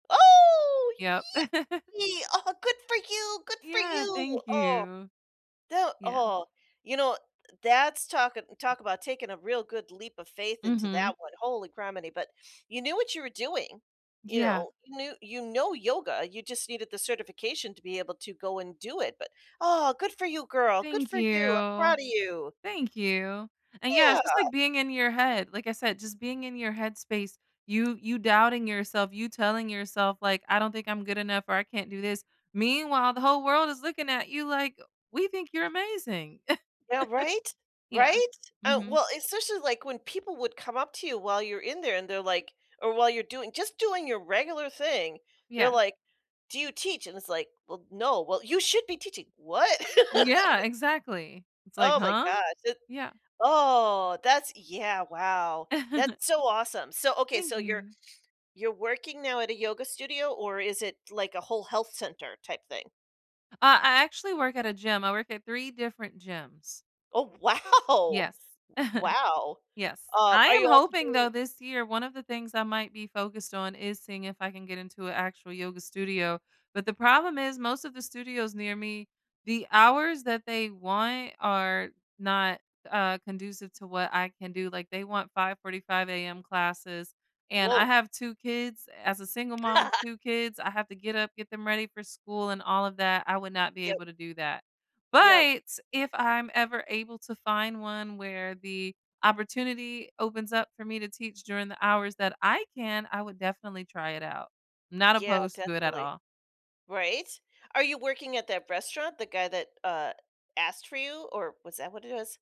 Oh, Yup. yippee! Oh, good for you! Good for Yeah. you! Thank Oh, you. the Yeah. oh, you know, that's talking talk about taking a real good leap of faith into Mhm. that one. Holy grammity. But you knew what you were doing. You Yeah. know? You knew you know yoga. You just needed the certification to be able to go and do it, but, oh, good for you, girl. Good Thank for you. I'm proud you. of you. Thank you. And yeah, it's Yeah. just like being in your head, like I said, just being in your head space, you you doubting yourself, you telling yourself like, "I don't think I'm good enough or I can't do this." Meanwhile, the whole world is looking at you like, "We think you're amazing." Yeah. Right? Yeah. Right? Uh, Mhm. well, especially, like, when people would come up to you while you're in there and they're like or while you're doing just doing your regular thing, they're Yeah. like, "Do you teach?" And it's like, "Well, no." "Well, you should be teaching." What? Yeah, exactly. It's like, Oh my huh? gosh, and Yeah. oh! That's yeah, wow. That's so awesome. So, okay. Thank So you're you. you're working now at a yoga studio or is it like a whole health center type thing? Ah, I actually work at a gym. I work at 3 different gyms. Oh, wow. Yes. Wow. Yes. Um, I are am you also hoping though doing this year, 1 of the things I might be focused on is seeing if I can get into a actual yoga studio, but the problem is most of the studios near me, the hours that they want are not, uh, conducive to what I can do. Like they want 05:45 AM classes and I Woah. have 2 kids. As a single mom of 2 kids, I have to get up, get them ready for school and all of that. I would not be Yep. able to do that, Yup. but, if I'm ever able to find one where the opportunity opens up for me to teach during the hours that I can, I would definitely try it out? Not Yeah. opposed to it at Definitely. all. Right? Are you working at that restaurant, the guy that, uh, asked for you? Or was that what it was?